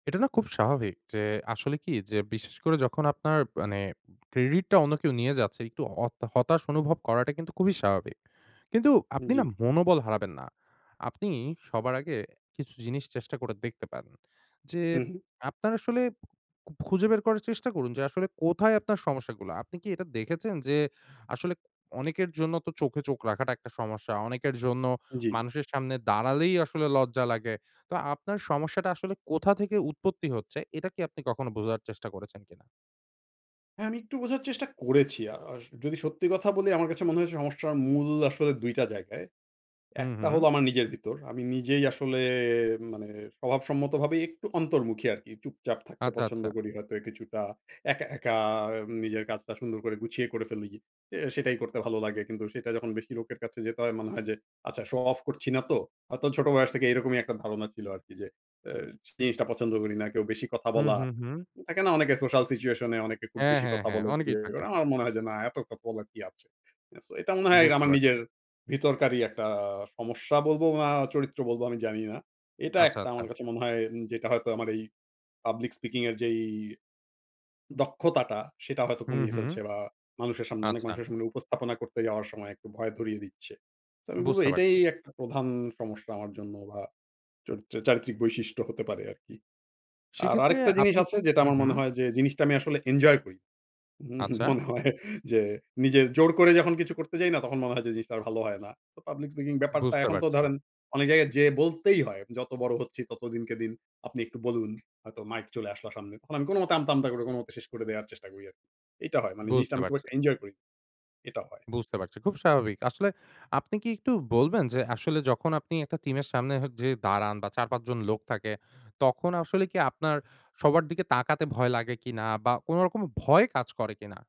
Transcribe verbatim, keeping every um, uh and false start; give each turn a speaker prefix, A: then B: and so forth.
A: এটা না খুব স্বাভাবিক। যে আসলে কি? যে বিশেষ করে যখন আপনার মানে ক্রেডিটটা অন্য কেউ নিয়ে যাচ্ছে একটু অত হতাশ অনুভব করাটা কিন্তু খুবই স্বাভাবিক। কিন্তু আপনি না
B: জি।
A: মনোবল হারাবেন না। আপনি সবার আগে কিছু জিনিস চেষ্টা করে দেখতে পারেন। যে
B: হু, হু।
A: আপনার আসলে খুঁজে বের করার চেষ্টা করুন যে আসলে কোথায় আপনার সমস্যাগুলা। আপনি কি এটা দেখেছেন যে আসলে অনেকের জন্য তো চোখে চোখ রাখাটা একটা সমস্যা। অনেকের জন্য
B: জি।
A: মানুষের সামনে দাঁড়ালেই আসলে লজ্জা লাগে। তো আপনার সমস্যাটা আসলে কোথা থেকে উৎপত্তি হচ্ছে এটা কি আপনি কখনো বোঝার চেষ্টা করেছেন কিনা?
B: হ্যাঁ, আমি একটু বোঝার চেষ্টা করেছি। আ আ যদি সত্যি কথা বলি আমার কাছে মনে হয়েছে সমস্যার মূল আসলে দুইটা জায়গায়।
A: হুম,
B: একটা
A: হুম।
B: হলো আমার নিজের ভিতর। আমি নিজেই আসলে মানে স্বভাব সম্মতভাবে একটু অন্তর্মুখী আরকি। চুপচাপ থাকতে
A: আচ্ছা,
B: পছন্দ
A: আচ্ছা।
B: করি। হয়তো কিছুটা একা, একা নিজের কাজটা সুন্দর করে গুছিয়ে করে ফেলি। এ সেটাই করতে ভালো লাগে। কিন্তু সেটা যখন বেশি লোকের কাছে যেতে হয় মনে হয় যে, "আচ্ছা শো অফ করছি না তো?" হয়তো ছোট বয়স থেকে এরকমই একটা ধারণা ছিল আরকি যে এ জিনিসটা পছন্দ করি না। কেউ বেশি কথা
A: হুম,
B: বলা,
A: হুম, হুম।
B: থাকে না অনেকে সোশ্যাল সিচুয়েশন এ অনেকে খুব
A: হ্যাঁ,
B: বেশি
A: হ্যাঁ,
B: কথা
A: হ্যাঁ।
B: বলে।
A: অনেকেই থাকে।
B: [unintelligible] আমার মনে হয় যে না, এত কথা বলার কি আছে? সো এটা মনে হয়
A: বুঝতে
B: আমার
A: পারছি।
B: নিজের ভিতরকারই একটা সমস্যা বলবো বা চরিত্র বলবো আমি জানি না। এটা
A: আচ্ছা,
B: একটা
A: আচ্ছা।
B: আমার কাছে মনে হয় উম যেটা হয়তো আমার এই পাবলিক স্পিকিং এর যেই দক্ষতাটা, সেটা হয়তো
A: হুম,
B: কমিয়ে
A: হুম।
B: ফেলছে বা মানুষের সামনে অনেক
A: আচ্ছা।
B: মানুষের সামনে উপস্থাপনা করতে যাওয়ার সময় একটু ভয় ধরিয়ে দিচ্ছে। তো আমি বলবো
A: বুঝতে
B: এটাই
A: পারছি।
B: একটা প্রধান সমস্যা আমার জন্য বা চরিত্র চারিত্রিক বৈশিষ্ট্য হতে পারে আরকি। আর
A: সেক্ষেত্রে
B: আরেকটা জিনিস
A: আপনি
B: আছে যেটা
A: হুম,
B: আমার মনে
A: হুম।
B: হয় যে জিনিসটা আমি আসলে এনজয় করি। উম
A: আচ্ছা।
B: মনে হয় যে নিজে জোর করে যখন কিছু করতে যাই না? তখন মনে হয় যে জিনিসটা আর ভালো হয় না। তো পাবলিক স্পিকিং ব্যাপারটা
A: বুঝতে
B: এখন তো
A: পারছি।
B: ধরেন অনেক জায়গায় যেয়ে বলতেই হয়। যত বড় হচ্ছি তত দিনকে দিন আপনি একটু বলুন। হয়তো মাইক চলে আসলো সামনে। আমি কোনোমতে আমতা, আমতা করে কোনো মতে শেষ করে দেওয়ার চেষ্টা করি আরকি। এইটা হয়। মানে জিনিসটা
A: বুঝতে
B: আমি খুব
A: পারছি।
B: একটা এনজয় করিনা। এটাও হয়।
A: বুঝতে পারছি। খুব স্বাভাবিক। আসলে আপনি কি একটু বলবেন যে আসলে যখন আপনি একটা টিমের সামনে হ যেয়ে দাঁড়ান বা চার-পাঁচজন লোক থাকে, তখন আসলে কি আপনার সবার দিকে তাকাতে ভয় লাগে কিনা বা কোনোরকম ভয় কাজ করে কিনা?